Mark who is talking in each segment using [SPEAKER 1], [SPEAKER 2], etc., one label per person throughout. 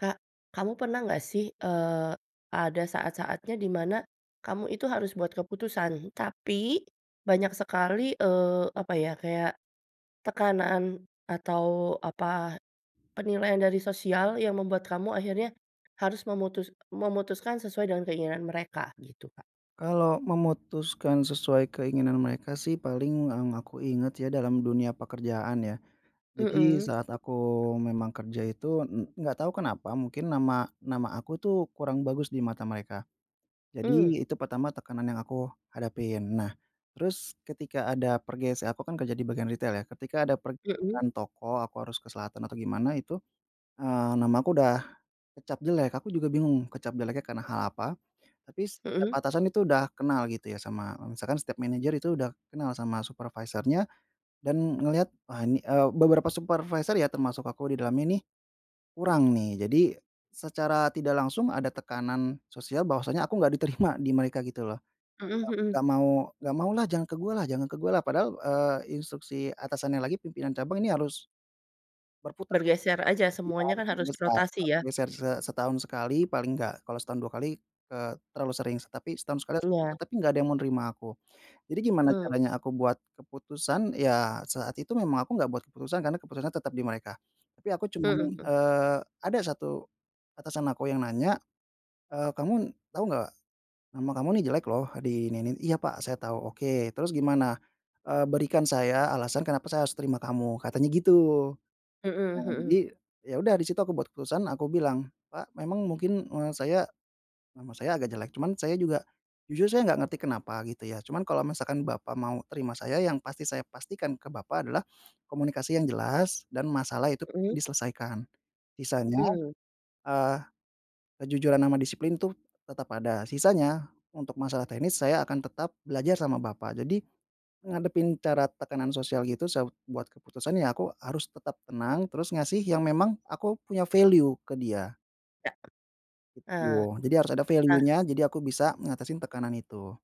[SPEAKER 1] Kak, kamu pernah nggak sih, eee, ada saat-saatnya di mana kamu itu harus buat keputusan? Tapi banyak sekali, eee, apa ya, kayak tekanan atau apa, penilaian dari sosial yang membuat kamu akhirnya harus memutus memutuskan sesuai dengan keinginan mereka? Gitu, Kak.
[SPEAKER 2] Kalau memutuskan sesuai keinginan mereka sih, paling yang aku ingat ya, dalam dunia pekerjaan ya. Jadi
[SPEAKER 1] Mhm.
[SPEAKER 2] saat aku memang kerja itu en enggak tahu kenapa mungkin nama nama aku tuh kurang bagus di mata mereka,
[SPEAKER 1] Hmm.
[SPEAKER 2] jadi itu pertama tekanan yang aku hadapin. Nah, terus ketika ada pergeser aku kan kerja di bagian ritel ya, ketika ada
[SPEAKER 1] Mhm.
[SPEAKER 2] pergeseran toko aku harus ke selatan atau gimana itu, eee, nama aku udah kecap jelek. Aku juga bingung kecap jeleknya karena hal apa, tapi setiap
[SPEAKER 1] Mhm.
[SPEAKER 2] atasan itu udah kenal gitu ya, sama, eee, misalkan setiap manajer itu udah kenal sama supervisornya dan ngelihat, wah ini eee beberapa supervisor ya, termasuk aku di dalamnya nih, kurang nih. Jadi secara tidak langsung ada tekanan sosial bahwasanya aku nggak diterima di mereka gitu loh.
[SPEAKER 1] Mhm
[SPEAKER 2] "Nga
[SPEAKER 1] mhm.
[SPEAKER 2] nggak mau nggak mau lah, jangan ke gua lah jangan ke gua lah." Padahal, eee, instruksi atasannya lagi pimpinan cabang ini harus berputar.
[SPEAKER 1] Bergeser aja,
[SPEAKER 2] Iya,
[SPEAKER 1] semuanya
[SPEAKER 2] harus
[SPEAKER 1] kan harus
[SPEAKER 2] berputar,
[SPEAKER 1] dirotasi ya?
[SPEAKER 2] geser se setahun sekali paling enggak. Kalau setahun 2 kali, eee, terlalu sering sih. Tetapi setahun sekali harus begitu,
[SPEAKER 1] Iya.
[SPEAKER 2] tapi nggak ada yang mau nerima aku. Jadi gimana
[SPEAKER 1] Hmm.
[SPEAKER 2] caranya aku buat keputusan, ya saat itu memang aku enggak buat keputusan, karena keputusannya tetap di mereka. Tapi aku
[SPEAKER 1] Mhm
[SPEAKER 2] cuman,
[SPEAKER 1] mhm.
[SPEAKER 2] eee, ada 1 atasan aku yang nanya, eee, "Kamu tahu nggak, nama kamu ini jelek loh, di ini ini." "Iya pak, saya tahu." "Oke, terus gimana? Eee, berikan saya alasan kenapa saya harus terima kamu?" Katanya gitu.
[SPEAKER 1] Mhm
[SPEAKER 2] Nah,
[SPEAKER 1] mhm.
[SPEAKER 2] jadi ya udah di situ aku buat keputusan, aku bilang, "Pak, memang mungkin, eee, saya nama saya agak jelek cuman saya juga jujur saya nggak ngerti kenapa gitu ya, cuman kalau misalkan Bapak mau terima saya yang pasti saya pastikan ke Bapak adalah komunikasi yang jelas dan masalah itu
[SPEAKER 1] Mhm.
[SPEAKER 2] diselesaikan. Sisanya,
[SPEAKER 1] Mmm.
[SPEAKER 2] eee, kejujuran ama disiplin tuh tetap ada, sisanya untuk masalah teknis saya akan tetap belajar sama Bapak". Jadi, ngadepin cara tekanan sosial gitu sa buat keputusan, ya aku harus tetap tenang, terus ngasih yang memang aku punya value ke dia.
[SPEAKER 1] Ya, ah,
[SPEAKER 2] Gitu, jadi harus ada
[SPEAKER 1] ah.
[SPEAKER 2] value-nya, jadi aku bisa ngatasin tekanan itu.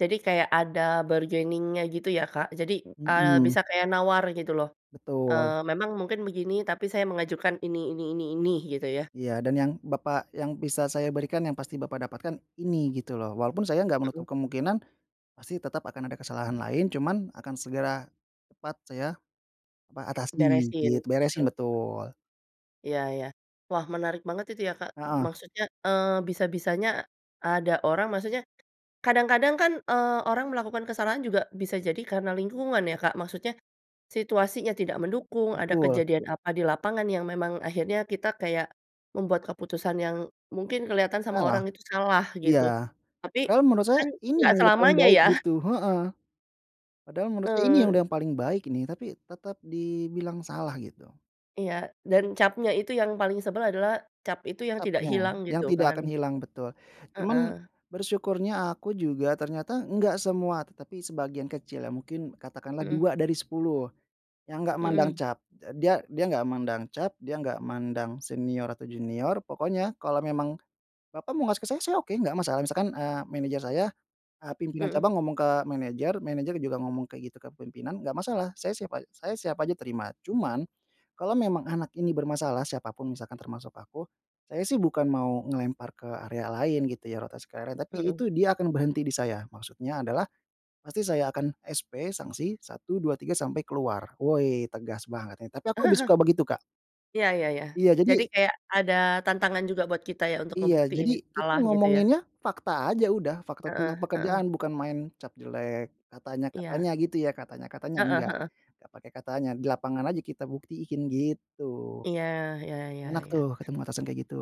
[SPEAKER 1] Jadi kayak ada bargaining-nya gitu ya, Kak, jadi, eee,
[SPEAKER 2] Mhm.
[SPEAKER 1] bisa kayak nawar gitu loh.
[SPEAKER 2] Betul.
[SPEAKER 1] Eee, memang mungkin begini, tapi saya mengajukan ini ini ini ini, gitu ya?
[SPEAKER 2] Iya, "Dan yang Bapak yang bisa saya berikan yang pasti Bapak dapatkan ini, gitu loh. Walaupun saya enggak
[SPEAKER 1] Mhm.
[SPEAKER 2] menutup kemungkinan pasti tetap akan ada kesalahan lain, cuman akan segera cepat saya apa, atasi." Gitu.
[SPEAKER 1] Beresin gitu,
[SPEAKER 2] Beresin,
[SPEAKER 1] he
[SPEAKER 2] betul.
[SPEAKER 1] Iya iya. Wah, menarik banget itu ya, Kak,
[SPEAKER 2] Heeh.
[SPEAKER 1] maksudnya, eee, bisa-bisanya ada orang maksudnya kadang-kadang kan, eee, orang melakukan kesalahan juga bisa jadi karena lingkungan ya, Kak. Maksudnya situasinya tidak mendukung,
[SPEAKER 2] Ya,
[SPEAKER 1] ada
[SPEAKER 2] betul.
[SPEAKER 1] kejadian apa di lapangan yang memang akhirnya kita kayak, membuat keputusan yang mungkin kelihatan sama
[SPEAKER 2] Salah,
[SPEAKER 1] orang itu salah
[SPEAKER 2] iya.
[SPEAKER 1] gitu, tapi
[SPEAKER 2] Padahal menurut saya
[SPEAKER 1] kan
[SPEAKER 2] ini
[SPEAKER 1] nggak
[SPEAKER 2] yang udah paling
[SPEAKER 1] selamanya
[SPEAKER 2] baik
[SPEAKER 1] ya.
[SPEAKER 2] gitu heeh. Padahal menurut saya ini yang udah
[SPEAKER 1] Betul.
[SPEAKER 2] yang paling baik ini, tapi tetap dibilang salah gitu.
[SPEAKER 1] Iya dan capnya itu yang paling sebel adalah, cap itu yang tidak
[SPEAKER 2] Capnya,
[SPEAKER 1] hilang,
[SPEAKER 2] yang
[SPEAKER 1] gitu
[SPEAKER 2] tidak
[SPEAKER 1] kan.
[SPEAKER 2] akan hilang betul. Cuman
[SPEAKER 1] Heeh.
[SPEAKER 2] bersyukurnya aku juga, ternyata nggak semua, tetapi sebagian kecil, ya mungkin katakanlah
[SPEAKER 1] Mhm.
[SPEAKER 2] 2 dari 10 yang enggak mandang
[SPEAKER 1] Mhm.
[SPEAKER 2] cap. Eee, dia dia enggak mandang cap, dia enggak mandang senior atau junior, pokoknya kalau memang bapak mau ngasih ke saya, saya oke, enggak masalah. Misalkan, eee, manajer saya, eee, pimpinan
[SPEAKER 1] Mhm.
[SPEAKER 2] cabang ngomong ke manajer, manajer juga ngomong kayak gitu kepemimpinan, enggak masalah saya siap a saya siap aja terima. Cuman kalau memang anak ini bermasalah, siapa pun misalkan termasuk aku, saya sih bukan mau ngelempar ke area lain gitu ya, rotasi karyawan, tapi
[SPEAKER 1] Mhm.
[SPEAKER 2] itu dia akan berhenti di saya. Maksudnya adalah pasti saya akan SP, sanksi 1, 2, 3, sampai keluar. Woi, tegas banget nih! Tapi aku lebih suka begitu, Kak.
[SPEAKER 1] Ya ya ya,
[SPEAKER 2] Iya,
[SPEAKER 1] jadi
[SPEAKER 2] jadi
[SPEAKER 1] kayak ada tantangan juga buat kita ya, untuk
[SPEAKER 2] Iya,
[SPEAKER 1] ngebuktiin
[SPEAKER 2] jadi
[SPEAKER 1] itu
[SPEAKER 2] kita
[SPEAKER 1] salah gitu ya.
[SPEAKER 2] ngomonginnya fakta aja udah, fakta tentang
[SPEAKER 1] Heeh
[SPEAKER 2] pekerjaan
[SPEAKER 1] heeh.
[SPEAKER 2] bukan main cap jelek, katanya
[SPEAKER 1] Iya.
[SPEAKER 2] katanya gitu ya, katanya katanya,
[SPEAKER 1] Heeh
[SPEAKER 2] enggak,
[SPEAKER 1] heeh.
[SPEAKER 2] nggak pakai katanya. Di lapangan aja kita buktiin, gitu.
[SPEAKER 1] Iya, ya ya ya.
[SPEAKER 2] Enak tuh, ketemu atasan kayak gitu.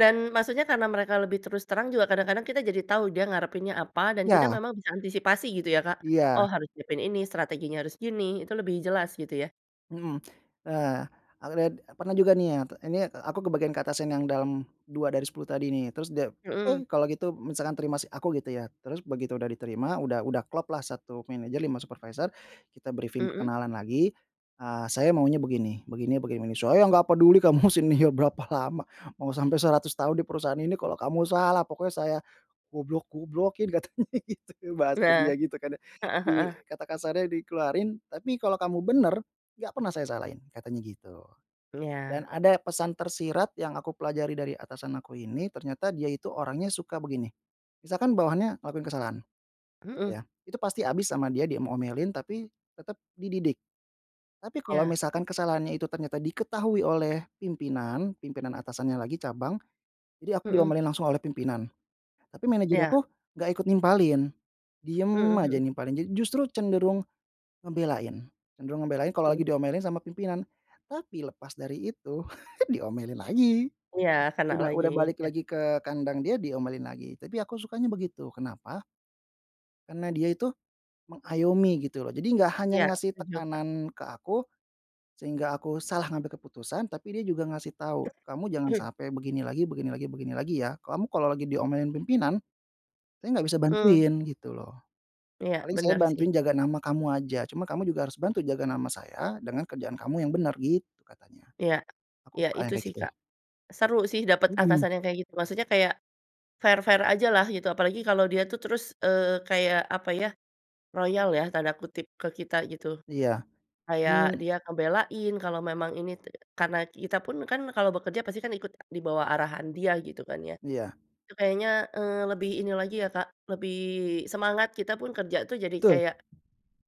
[SPEAKER 1] Dan maksudnya karena mereka lebih terus terang juga kadang-kadang kita jadi tau, dia ngarepinnya apa, dan kita
[SPEAKER 2] Iya.
[SPEAKER 1] memang bisa antisipasi gitu ya, Kak,
[SPEAKER 2] Iya.
[SPEAKER 1] oh harus nyiapin ini, strateginya harus gini, itu lebih jelas gitu ya.
[SPEAKER 2] Mhm, eee, alred eee, pernah juga nih ya, ini aku kebagian ke atasan yang dalam 2 dari 10 tadi nih, terus dia, eh,
[SPEAKER 1] Mhm.
[SPEAKER 2] kalau gitu misalkan terima si aku gitu ya, terus begitu udah diterima, udah udah klop lah 1 manajer 5 supervisor kita brifing
[SPEAKER 1] Mhm.
[SPEAKER 2] perkenalan lagi. Eee, saya maunya begini, begini begini begini, "Saya nggak peduli kamu senior berapa lama mau sampai 100 tahun di perusahaan ini, kalau kamu salah pokoknya saya goblok-goblokin!" katanya gitu. Bahasa
[SPEAKER 1] Nah,
[SPEAKER 2] dia gitu kan ya.
[SPEAKER 1] heeh
[SPEAKER 2] I
[SPEAKER 1] heeh.
[SPEAKER 2] kata kasarnya dikeluarin. "Tapi kalau kamu bener, enggak pernah saya salahin." Katanya gitu.
[SPEAKER 1] Iya.
[SPEAKER 2] Dan ada pesan tersirat yang aku pelajari dari atasan aku ini, ternyata dia itu orangnya suka begini, misalkan bawahannya ngelakuin kesalahan gitu
[SPEAKER 1] Mhm.
[SPEAKER 2] ya. Itu pasti habis sama dia di m omelin, tapi tetap dididik. Tapi kalau
[SPEAKER 1] Ya.
[SPEAKER 2] misalkan kesalahannya itu ternyata diketahui oleh pimpinan, pimpinan atasannya lagi cabang. Jadi aku
[SPEAKER 1] Mhm.
[SPEAKER 2] diomelin langsung oleh pimpinan, tapi manajer
[SPEAKER 1] Iya.
[SPEAKER 2] aku enggak ikut nimpalin, diem
[SPEAKER 1] Mhm
[SPEAKER 2] aja
[SPEAKER 1] mhm.
[SPEAKER 2] nimpalin ja justru cenderung ngebelain, cenderung ngebelain kalau lagi
[SPEAKER 1] Hmm.
[SPEAKER 2] diomelin sama pimpinan. Tapi lepas dari itu diomelin lagi.
[SPEAKER 1] Ya, kena
[SPEAKER 2] Udah
[SPEAKER 1] lagi,
[SPEAKER 2] udah balik
[SPEAKER 1] iya.
[SPEAKER 2] lagi ke kandang dia diomelin lagi. Tapi aku sukanya begitu, kenapa? Karena dia itu mengayomi gitu loh, jadi enggak hanya
[SPEAKER 1] Iya,
[SPEAKER 2] ngasih
[SPEAKER 1] setuju, Kak.
[SPEAKER 2] tekanan ke aku, sehingga aku salah ngambil keputusan, tapi dia juga ngasih tahu, kamu jangan sampai begini lagi begini lagi begini lagi, ya. Kamu kalau lagi diomelin pimpinan, saya enggak bisa
[SPEAKER 1] Mmm.
[SPEAKER 2] bantuin gitu loh.
[SPEAKER 1] Iya,
[SPEAKER 2] Paling saya
[SPEAKER 1] bener sih.
[SPEAKER 2] bantuin jaga nama kamu aja, cuma kamu juga harus bantu jaga nama saya dengan kerjaan kamu yang benar, gitu katanya.
[SPEAKER 1] Iya,
[SPEAKER 2] Aku
[SPEAKER 1] iya
[SPEAKER 2] suka yang
[SPEAKER 1] itu
[SPEAKER 2] kayak
[SPEAKER 1] sih,
[SPEAKER 2] gitu.
[SPEAKER 1] Kak. Seru sih dapat
[SPEAKER 2] Mhm.
[SPEAKER 1] atasan yang kayak gitu, maksudnya kayak fair-fair aja lah gitu, apalagi kalau dia tuh terus, eee, kayak apa ya, "royal" ya, tanda kutip ke kita gitu,
[SPEAKER 2] Iya,
[SPEAKER 1] kayak
[SPEAKER 2] mmm.
[SPEAKER 1] dia ngebelain kalau memang ini te karena kita pun, kan kalau bekerja pasti kan ikut di bawah arahan dia gitu kan, ya.
[SPEAKER 2] Iya.
[SPEAKER 1] Itu kayaknya, eee, lebih ini lagi ya, Kak, lebih semangat. Kita pun kerja tuh jadi
[SPEAKER 2] Betul.
[SPEAKER 1] kayak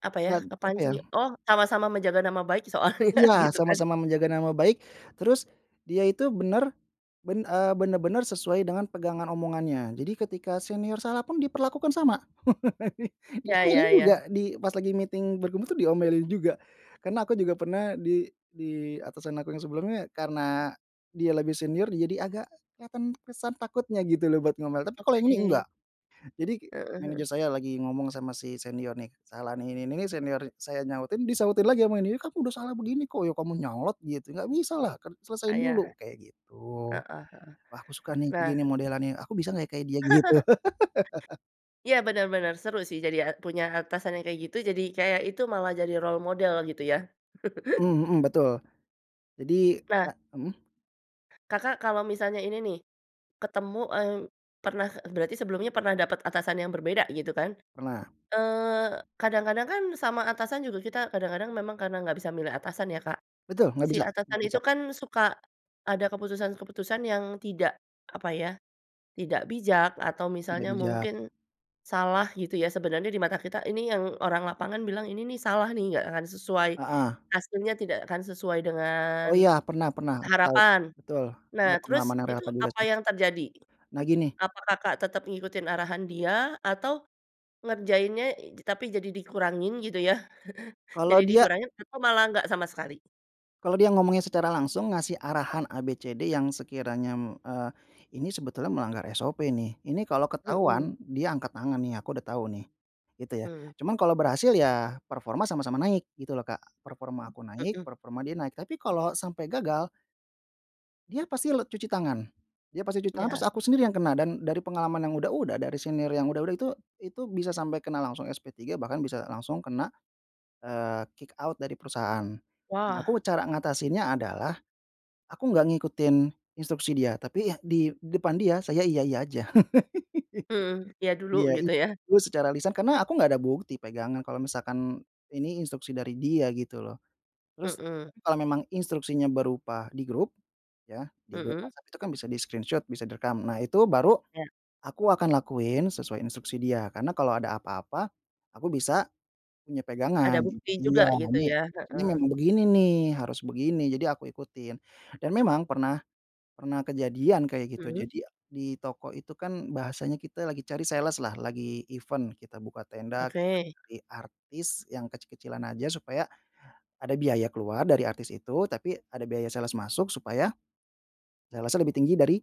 [SPEAKER 1] apa ya,
[SPEAKER 2] Klad apa ya
[SPEAKER 1] kepancing oh sama-sama menjaga nama baik soalnya
[SPEAKER 2] Iya,
[SPEAKER 1] gitu kan.
[SPEAKER 2] sama-sama menjaga nama baik, terus dia itu benar, ben eee, benar-benar sesuai dengan pegangan omongannya. Jadi ketika senior salah pun diperlakukan sama. Di
[SPEAKER 1] Ya
[SPEAKER 2] sini
[SPEAKER 1] ya ya.
[SPEAKER 2] juga, di pas lagi meeting berkumpul tuh diomelin juga, karena aku juga pernah di di atasan aku yang sebelumnya, karena dia lebih senior jadi agak kelihatan kesan takutnya gitu loh, buat ngomel. Tapi kalau yang ini
[SPEAKER 1] Oke.
[SPEAKER 2] enggak. Jadi
[SPEAKER 1] Heeh heeh.
[SPEAKER 2] manajer saya lagi ngomong sama si senior nih, kesalahan ini ini ini, senior saya nyautin, disahutin lagi sama ini. "Aku udah salah begini kok." "Ya kamu nyolot gitu, nggak bisalah, kan selesaiin
[SPEAKER 1] Ah iya,
[SPEAKER 2] dulu!" Kayak gitu.
[SPEAKER 1] heeh heeh.
[SPEAKER 2] Wah, aku suka nih kayak
[SPEAKER 1] Nah
[SPEAKER 2] gini modelannya, aku bisa nggak ya, kayak dia gitu.
[SPEAKER 1] Iya, bener bener. Seru sih jadinya, punya atasan yang kayak gitu, jadi kayak itu malah jadi role model gitu ya.
[SPEAKER 2] Mmm, mhm, betul. Jadi
[SPEAKER 1] Na.
[SPEAKER 2] pa mhm?
[SPEAKER 1] Kakak kalau misalnya ini nih, ketemu, eee, pernah eee, berarti sebelumnya pernah dapat atasan yang berbeda gitu kan?
[SPEAKER 2] Pernah.
[SPEAKER 1] Eee, kadang-kadang kan sama atasan juga kita kadang-kadang memang karena nggak bisa milih atasan ya, Kak.
[SPEAKER 2] Betul, nggak
[SPEAKER 1] Si
[SPEAKER 2] bisa
[SPEAKER 1] atasan
[SPEAKER 2] nggak
[SPEAKER 1] itu
[SPEAKER 2] bisa.
[SPEAKER 1] kan suka ada keputusan-keputusan yang tidak apa ya, tidak bijak atau
[SPEAKER 2] Tidak
[SPEAKER 1] misalnya
[SPEAKER 2] bijak.
[SPEAKER 1] mungkin salah gitu ya. Sebenarnya di mata kita, ini yang orang lapangan bilang ini nih salah nih, nggak akan sesuai,
[SPEAKER 2] Heeh.
[SPEAKER 1] aslinya tidak akan sesuai
[SPEAKER 2] Oh
[SPEAKER 1] dengan
[SPEAKER 2] iya, pernah pernah. Aku tahu,
[SPEAKER 1] harapan.
[SPEAKER 2] betul. Ini
[SPEAKER 1] Nah, terus
[SPEAKER 2] pengalaman yang
[SPEAKER 1] itu
[SPEAKER 2] relevan juga
[SPEAKER 1] apa
[SPEAKER 2] sih.
[SPEAKER 1] yang terjadi?
[SPEAKER 2] Nah gini
[SPEAKER 1] Apa Kakak tetep ngikutin arahan dia atau ngerjainnya i tapi jadi dikurangin gitu yah?
[SPEAKER 2] Kalau
[SPEAKER 1] Jadi
[SPEAKER 2] dia
[SPEAKER 1] dikurangin atau malah nggak sama sekali?
[SPEAKER 2] kalau dia ngomongnya secara langsung ngasih arahan A, B, C, D, yang sekiranya m eee, ini sebetulnya melanggar SOP nih, ini kalau ketahuan
[SPEAKER 1] Mhm.
[SPEAKER 2] dia angkat tangan nih, aku udah tahu nih, gitu ya.
[SPEAKER 1] Hmm.
[SPEAKER 2] Cuman kalau berhasil, ya performa sama-sama naik gitu loh, Kak. Performa aku naik,
[SPEAKER 1] Mhm.
[SPEAKER 2] performa dia naik. Tapi kalau sampai gagal dia pasti le cuci tangan. Dia pasti cuci tangan
[SPEAKER 1] Ya.
[SPEAKER 2] terus aku sendiri yang kena, dan dari pengalaman yang udah-udah, dari senior yang udah-udah, itu itu bisa sampai kena langsung SP3 bahkan bisa langsung kena, eee, kick out dari perusahaan. Nah,
[SPEAKER 1] Wah.
[SPEAKER 2] aku cara ngatasinnya adalah aku enggak ngikutin instruksi dia, tapi ya di depan dia, saya iya-iya aja.
[SPEAKER 1] Mhm, iya dulu,
[SPEAKER 2] Iya
[SPEAKER 1] gitu ya.
[SPEAKER 2] itu secara lisan, karena aku nggak ada bukti pegangan kalau misalkan ini instruksi dari dia gitu lho. Terus,
[SPEAKER 1] Mhm.
[SPEAKER 2] tapi kalau memang instruksinya berupa di grup, yah, di grup
[SPEAKER 1] Mhm.
[SPEAKER 2] WhatsApp itu kan bisa di-screenshoot, bisa direkam. Nah, itu baru
[SPEAKER 1] Ya.
[SPEAKER 2] aku akan lakuin sesuai instruksi dia, karena kalau ada apa-apa, aku bisa punya
[SPEAKER 1] Ada
[SPEAKER 2] pegangan.
[SPEAKER 1] bukti juga
[SPEAKER 2] Iya,
[SPEAKER 1] gitu
[SPEAKER 2] ini
[SPEAKER 1] ya,
[SPEAKER 2] ini
[SPEAKER 1] heeh.
[SPEAKER 2] memang begini nih, harus begini, jadi aku ikutin. Dan memang pernah pernah kejadian kayak gitu.
[SPEAKER 1] Mhm.
[SPEAKER 2] Jadi di toko itu kan, bahasanya kita lagi cari sales-lah lagi event, kita buka tenda, kita
[SPEAKER 1] Oke.
[SPEAKER 2] cari artis yang kecil-kecilan aja, supaya ada biaya keluar dari artis itu, tapi ada biaya sales masuk, supaya sales-nya lebih tinggi dari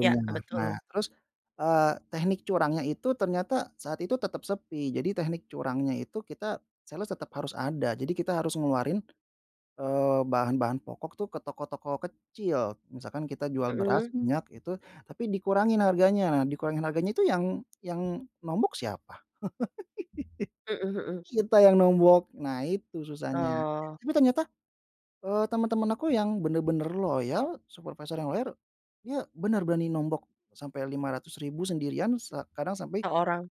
[SPEAKER 1] Iya, eee,
[SPEAKER 2] Nah,
[SPEAKER 1] betul.
[SPEAKER 2] terus, eee, teknik curangnya itu ternyata saat itu tetap sepi, jadi teknik curangnya itu kita sales tetap harus ada. Jadi kita harus ngeluarin, eee, bahan-bahan pokok tuh ke toko-toko kecil, misalkan kita jual beras,
[SPEAKER 1] Mhm.
[SPEAKER 2] minyak itu, tapi dikurangin harganya. Nah, dikurangin harganya itu yang yang nombok siapa?
[SPEAKER 1] Mhm mhm.
[SPEAKER 2] Kita yang nombok, nah itu susahnya.
[SPEAKER 1] Oh.
[SPEAKER 2] Tapi ternyata, eee, temen-temen aku yang bener-bener loyal, supervisor yang loyar, dia bener berani nombok sampai Rp500.000 sendirian, se kadang sampai
[SPEAKER 1] Seorang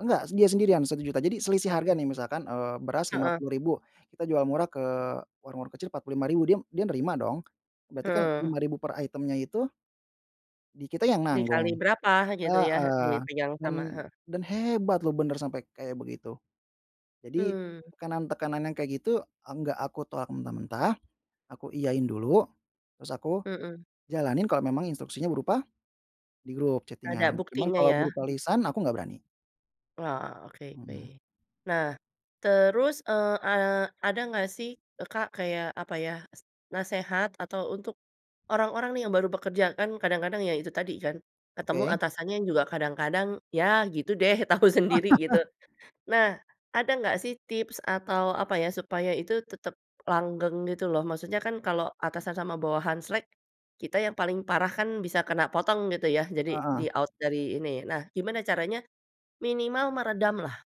[SPEAKER 2] Enggak, dia sendirian Rp1.000.000. Jadi selisih harga
[SPEAKER 1] Oke.
[SPEAKER 2] nih, misalkan, eee, beras lima
[SPEAKER 1] Heeh.
[SPEAKER 2] puluh ribu kita jual murah ke warung-warung kecil Rp45.000, dia dia nerima dong. Berarti kan
[SPEAKER 1] Heeh.
[SPEAKER 2] Rp5.000 per item-nya itu di kita yang
[SPEAKER 1] Dikali
[SPEAKER 2] nanggung.
[SPEAKER 1] berapa gitu ya,
[SPEAKER 2] Heeh,
[SPEAKER 1] dipegang
[SPEAKER 2] dan
[SPEAKER 1] sama, he
[SPEAKER 2] dan hebat loh, bener sampai kayak begitu. Jadi
[SPEAKER 1] Mmm.
[SPEAKER 2] tekanan-tekanan yang kayak gitu enggak aku tolak mentah-mentah, aku iyain dulu, terus aku
[SPEAKER 1] Mhm.
[SPEAKER 2] jalanin kalau memang instruksinya berupa di grup
[SPEAKER 1] Ada
[SPEAKER 2] chatting-an cuman
[SPEAKER 1] buktinya
[SPEAKER 2] kalau
[SPEAKER 1] ya.
[SPEAKER 2] berupa lisan aku enggak berani.
[SPEAKER 1] Oh, oke oke.
[SPEAKER 2] Mhm.
[SPEAKER 1] Nah terus, eee eee, ada nggak sih, eee, Kak, kayak apa ya, s nasehat atau untuk orang-orang nih yang baru bekerja, kan kadang-kadang, ya itu tadi kan, ketemu
[SPEAKER 2] Oke.
[SPEAKER 1] atasannya juga kadang-kadang, ya gitu deh, tau sendiri gitu. Nah, ada gak sih tips atau apa ya, supaya itu tetap langgeng gitu loh, maksudnya kan kalau atasan sama bawahan slek, kita yang paling parah kan bisa kena potong gitu ya, jadi
[SPEAKER 2] Heeh.
[SPEAKER 1] di-out dari ini. Nah gimana caranya, minimal meredam lah?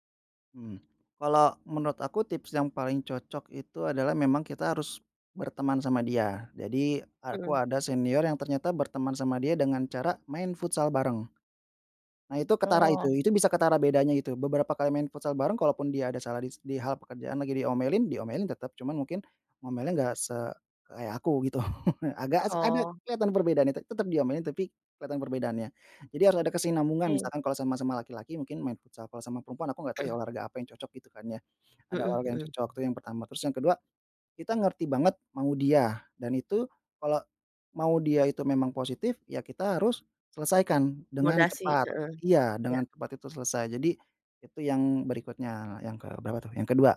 [SPEAKER 2] Mmm. Kalau menurut aku tips yang paling cocok itu adalah memang kita harus berteman sama dia, jadi aku
[SPEAKER 1] Hmm.
[SPEAKER 2] ada senior yang ternyata berteman sama dia dengan cara main futsal bareng. Nah itu ketara itu,
[SPEAKER 1] Oh.
[SPEAKER 2] itu bisa ketara bedanya itu beberapa kali main futsal bareng, kalau pun dia ada salah dis di hal pekerjaan lagi diomelin, diomelin tetap, cuman mungkin ngomelnya enggak se kayak aku gitu. Agak s ada
[SPEAKER 1] Oh.
[SPEAKER 2] kelihatan perbedaannya, te tetap diomelin tapi kelihatan perbedaannya. Jadi harus ada kesinambungan,
[SPEAKER 1] Oke.
[SPEAKER 2] misalkan kalau sama-sama laki-laki mungkin main futsal, kalau sama perempuan aku nggak tahu ya,
[SPEAKER 1] Mhm.
[SPEAKER 2] olahraga apa yang cocok gitu kan, ya. Ada
[SPEAKER 1] Mhm
[SPEAKER 2] olahraga yang
[SPEAKER 1] mhm.
[SPEAKER 2] cocok itu yang pertama, terus yang ke-2, kita ngerti banget mau dia, dan itu kalau mau dia itu memang positif, ya kita harus selesaikan dengan
[SPEAKER 1] Moderasi
[SPEAKER 2] cepat.
[SPEAKER 1] heeh,
[SPEAKER 2] Iya,
[SPEAKER 1] iya.
[SPEAKER 2] dengan cepat itu selesai, jadi itu yang berikutnya, yang ke berapa tuh? Yang ke-2.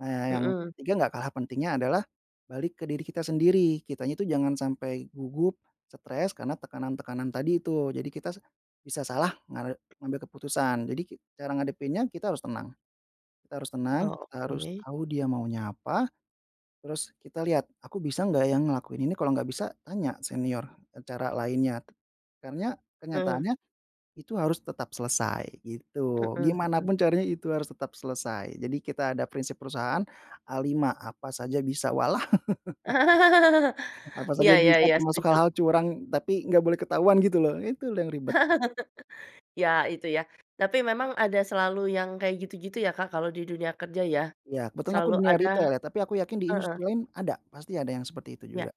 [SPEAKER 2] Nah, yang
[SPEAKER 1] Mhm.
[SPEAKER 2] ke-3 enggak kalah pentingnya adalah balik ke diri kita sendiri. Kitanya itu jangan sampai gugup, stres karena tekanan-tekanan tadi itu. Jadi kita s bisa salah nga ngambil keputusan. Jadi ki cara ngadepinnya kita harus tenang. Kita harus tenang, kita harus
[SPEAKER 1] Oke.
[SPEAKER 2] tahu dia maunya apa, terus kita lihat, aku bisa enggak yang ngelakuin ini. Kalau enggak bisa tanya senior, eee, cara lainnya. Karena
[SPEAKER 1] Eee.
[SPEAKER 2] kenyataannya itu harus tetap selesai,
[SPEAKER 1] Heeh,
[SPEAKER 2] gitu. Gimana
[SPEAKER 1] mhm.
[SPEAKER 2] pun caranya itu harus tetap selesai. Jadi kita ada prinsip perusahaan, A5 apa saja bisa, walah. Apa
[SPEAKER 1] Iya
[SPEAKER 2] saja
[SPEAKER 1] iya
[SPEAKER 2] bisa,
[SPEAKER 1] iya,
[SPEAKER 2] termasuk
[SPEAKER 1] setuju.
[SPEAKER 2] hal-hal curang, tapi nggak boleh ketahuan gitu loh. Itu loh yang ribet.
[SPEAKER 1] Ya itu ya, tapi memang ada selalu yang kayak gitu-gitu ya, Kak, kalau di dunia kerja ya?
[SPEAKER 2] Iya, kebetulan aku
[SPEAKER 1] Selalu
[SPEAKER 2] dunia
[SPEAKER 1] ada
[SPEAKER 2] ritel ya, tapi aku yakin di
[SPEAKER 1] heeh.
[SPEAKER 2] industri lain ada, pasti ada yang seperti itu
[SPEAKER 1] Iya,
[SPEAKER 2] juga.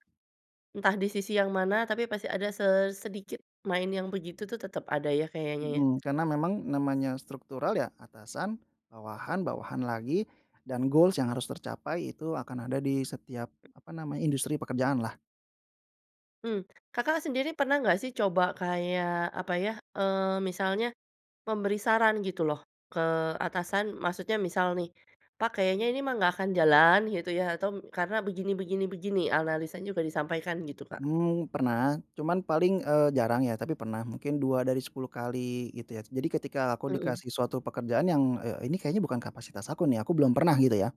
[SPEAKER 1] entah di sisi yang mana, tapi pasti ada se sedikit main yang begitu tuh tetap ada ya, kayaknya ya?
[SPEAKER 2] Mhm, karena memang namanya struktural, ya atasan, bawahan, bawahan lagi dan goals yang harus tercapai itu akan ada di setiap apa namanya, industri pekerjaan lah.
[SPEAKER 1] Mmm, Kakak sendiri pernah nggak sih coba kayak apa ya, eee, misalnya memberi saran gitu loh, ke atasan, maksudnya misal nih, "Pak kayaknya ini mah nggak akan jalan gitu ya, atau karena begini begini begini." Analisanya juga disampaikan gitu, Kak.
[SPEAKER 2] Mmm, pernah. Cuman paling, eee, jarang ya, tapi pernah mungkin 2 dari 10 kali gitu ya. Jadi ketika aku
[SPEAKER 1] Mmm mmm.
[SPEAKER 2] dikasih suatu pekerjaan yang, eee, ini kayaknya bukan kapasitas aku nih, aku belum pernah gitu ya,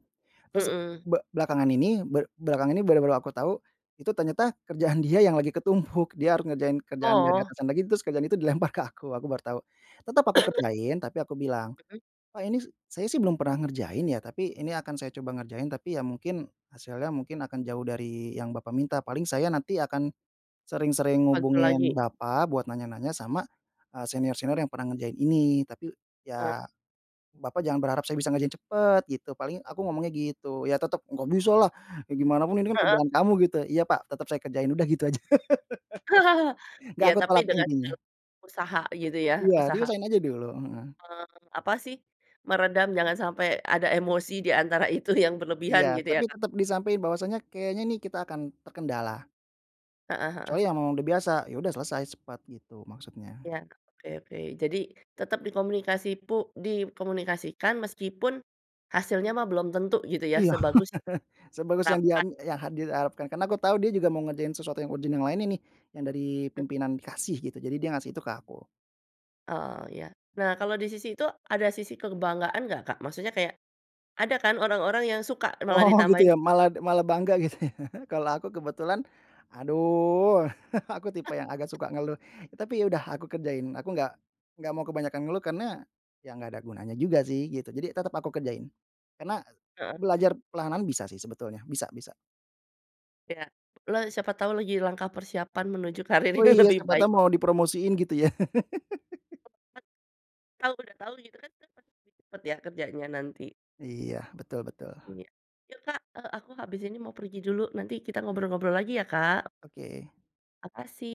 [SPEAKER 2] terus
[SPEAKER 1] Mhm.
[SPEAKER 2] be belakangan ini be belakangan ini benar-benar aku tahu, itu ternyata kerjaan dia yang lagi ketumpuk. Dia harus ngerjain kerjaan dari
[SPEAKER 1] Oh.
[SPEAKER 2] atasan lagi, terus kerjaan itu dilempar ke aku, aku baru tahu. Tetap aku kerjain tapi aku bilang,
[SPEAKER 1] Hmm.
[SPEAKER 2] "Pak, ini saya sih belum pernah ngerjain ya, tapi ini akan saya coba ngerjain. Tapi ya mungkin, hasilnya mungkin akan jauh dari yang bapak minta, paling saya nanti akan sering-sering
[SPEAKER 1] Bantu lagi?
[SPEAKER 2] hubungin bapak buat nanya-nanya sama, eee, senior-senior yang pernah ngerjain ini. Tapi
[SPEAKER 1] Eh.
[SPEAKER 2] ya, bapak jangan berharap saya bisa ngerjain cepat." Gitu, paling aku ngomongnya gitu. "Ya tetap nggak bisalah, ya gimana pun ini kan
[SPEAKER 1] Heeh.
[SPEAKER 2] kerjaan kamu." Gitu. "Iya pak, tetap saya kerjain!" Udah gitu aja, nggak
[SPEAKER 1] Iya
[SPEAKER 2] aku
[SPEAKER 1] tapi
[SPEAKER 2] tolak tuh
[SPEAKER 1] dengan
[SPEAKER 2] intinya.
[SPEAKER 1] segala usaha gitu ya,
[SPEAKER 2] Iya,
[SPEAKER 1] usaha.
[SPEAKER 2] diusahain aja dulu, heeh.
[SPEAKER 1] Eee, apa sih, meredam, jangan sampai ada emosi di antara itu yang berlebihan
[SPEAKER 2] Iya,
[SPEAKER 1] gitu ya,
[SPEAKER 2] tapi
[SPEAKER 1] Kak?
[SPEAKER 2] tetap disampain bahwasanya, kayaknya nih kita akan terkendala.
[SPEAKER 1] Heeh heeh.
[SPEAKER 2] Kecuali ya memang udah biasa. Ya udah selesai cepat gitu maksudnya.
[SPEAKER 1] Iya, oke oke. Jadi tetap dikomunikasi pu dikomunikasikan meskipun hasilnya mah belum tentu gitu ya,
[SPEAKER 2] Iya,
[SPEAKER 1] sebagus yang
[SPEAKER 2] sebagus yang dia
[SPEAKER 1] harapkan.
[SPEAKER 2] me yang diharapkan, karena aku tahu dia juga mau ngerjain sesuatu yang urgent yang lain ini, yang dari pimpinan kasih gitu, jadi dia ngasih itu ke aku.
[SPEAKER 1] Oh ya. Nah kalau di sisi itu, ada sisi kebanggaan nggak, Kak? Maksudnya kayak, ada kan orang-orang yang suka malah
[SPEAKER 2] Oh gitu
[SPEAKER 1] ditambahin.
[SPEAKER 2] ya, malad malah bangga gitu ya. Kalau aku kebetulan, aduh aku tipe yang agak suka ngeluh, tapi ya udah, aku kerjain. Aku nggak nggak mau kebanyakan ngeluh karena ya nggak ada gunanya juga sih gitu. Jadi tetap aku kerjain. Karena
[SPEAKER 1] Heeh
[SPEAKER 2] belajar
[SPEAKER 1] heeh.
[SPEAKER 2] perlahan-lahan bisa sih sebetulnya, bisa bisa.
[SPEAKER 1] Iya, le siapa tau lagi langkah persiapan menuju karir
[SPEAKER 2] Oh
[SPEAKER 1] yang
[SPEAKER 2] iya,
[SPEAKER 1] lebih
[SPEAKER 2] siapa
[SPEAKER 1] baik.
[SPEAKER 2] tau mau dipromosiin gitu ya.
[SPEAKER 1] Tau banget, kalau udah tau gitu kan pasti cepet ya, kerjanya nanti.
[SPEAKER 2] Iya, betul betul.
[SPEAKER 1] Iya. Yuk, Kak, eee, aku habis ini mau pergi dulu. Nanti kita ngobrol-ngobrol lagi ya, Kak.
[SPEAKER 2] Oke.
[SPEAKER 1] Makasih.